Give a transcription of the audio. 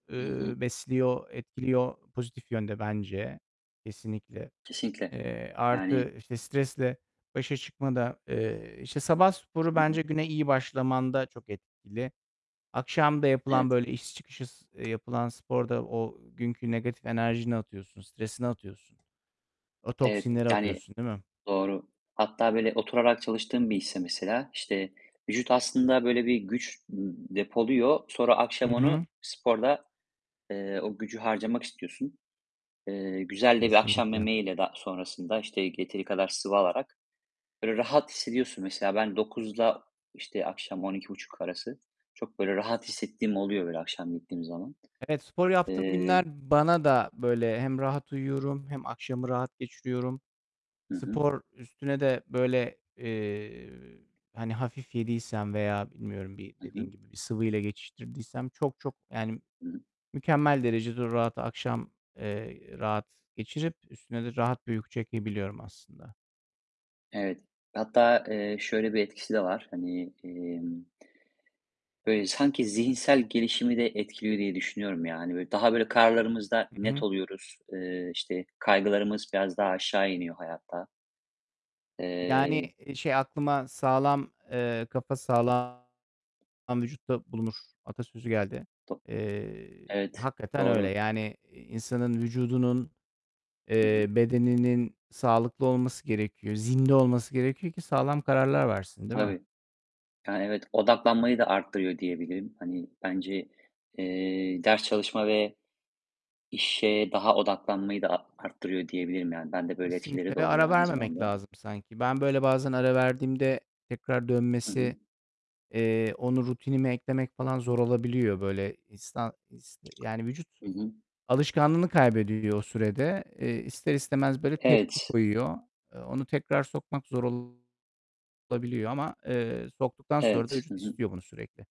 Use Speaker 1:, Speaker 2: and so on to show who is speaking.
Speaker 1: Hı
Speaker 2: Eee,
Speaker 1: hı.
Speaker 2: besliyor, etkiliyor. Pozitif yönde bence kesinlikle.
Speaker 1: Kesinlikle,
Speaker 2: Eee,
Speaker 1: yani
Speaker 2: artı, işte, stresle başa çıkmada, eee, işte, sabah sporu
Speaker 1: Hı
Speaker 2: bence
Speaker 1: hı.
Speaker 2: güne iyi başlamanda çok etkili. Akşam da yapılan,
Speaker 1: Evet.
Speaker 2: böyle, iş çıkışı s eee, yapılan sporda o günkü negatif enerjini atıyorsun. Stresini atıyorsun. O
Speaker 1: Evet,
Speaker 2: toksinleri
Speaker 1: yani
Speaker 2: atıyorsun, değil mi?
Speaker 1: Doğru. Hatta böyle oturarak çalıştığım bir iş ise mesela, işte vücut aslında böyle bir güç depoluyor. Sonra akşam
Speaker 2: Hı
Speaker 1: onu
Speaker 2: hı.
Speaker 1: sporda, eee, o gücü harcamak istiyorsun. Eee, güzel de bir akşam
Speaker 2: Kesinlikle.
Speaker 1: yemeğiyle de sonrasında, işte, yeteri kadar sıvı alarak, böyle, rahat hissediyorsun. Mesela ben 9'la, işte, akşam 12.30 arası çok böyle rahat hissettiğim oluyor, böyle akşam gittiğim zaman.
Speaker 2: Evet, spor yaptığım günler
Speaker 1: Eee
Speaker 2: bana da böyle, hem rahat uyuyorum hem akşamı rahat geçiriyorum.
Speaker 1: Hı hı.
Speaker 2: Spor üstüne de, böyle, eee, hani, hafif yediysem veya bilmiyorum bir
Speaker 1: Hı hı.
Speaker 2: dediğin gibi bir sıvı ile geçiştirdiysem çok çok, yani,
Speaker 1: Hı hı.
Speaker 2: mükemmel derecede rahat akşam, eee, rahat geçirip üstüne de rahat bir uyku çekebiliyorum aslında.
Speaker 1: Evet, hatta, eee, şöyle bir etkisi de var. Hani, emm böyle, sanki zihinsel gelişimi de etkiliyor diye düşünüyorum yani. Böyle, daha böyle, kararlarımızda
Speaker 2: Hı
Speaker 1: net
Speaker 2: hı.
Speaker 1: oluyoruz. Eee, işte, kaygılarımız biraz daha aşağı iniyor hayatta.
Speaker 2: Yani,
Speaker 1: Eee
Speaker 2: eee, şey, aklıma, "Sağlam, eee, kafa sağlam vücutta bulunur." atasözü geldi.
Speaker 1: Do
Speaker 2: Eee,
Speaker 1: Evet,
Speaker 2: hakikaten öyle.
Speaker 1: doğru.
Speaker 2: Yani, eee, insanın vücudunun,
Speaker 1: Hı
Speaker 2: eee,
Speaker 1: hı.
Speaker 2: bedeninin sağlıklı olması gerekiyor. Zinde olması gerekiyor ki sağlam kararlar versin, değil mi?
Speaker 1: Tabii. Yani, evet, odaklanmayı da artırıyor diyebilirim. Hani, bence, eee, ders çalışma ve işe daha odaklanmayı da a artırıyor diyebilirim yani. Bende böyle
Speaker 2: Kesinlikle
Speaker 1: etkileri de
Speaker 2: ve
Speaker 1: oluyor
Speaker 2: ara
Speaker 1: aynı
Speaker 2: vermemek
Speaker 1: zamanda.
Speaker 2: lazım sanki. Ben böyle bazen ara verdiğimde tekrar
Speaker 1: Hı hı.
Speaker 2: dönmesi, eee, onu rutinimi eklemek falan zor olabiliyor. Böyle isna is yani vücut
Speaker 1: Hı hı.
Speaker 2: alışkanlığını kaybediyor o sürede. Eee, ister istemez böyle tepki
Speaker 1: Evet.
Speaker 2: koyuyor. Eee, onu tekrar sokmak zor olabiliyor ama, eee, soktuktan sonra da
Speaker 1: Evet. Hı
Speaker 2: vücut
Speaker 1: hı.
Speaker 2: istiyor bunu sürekli.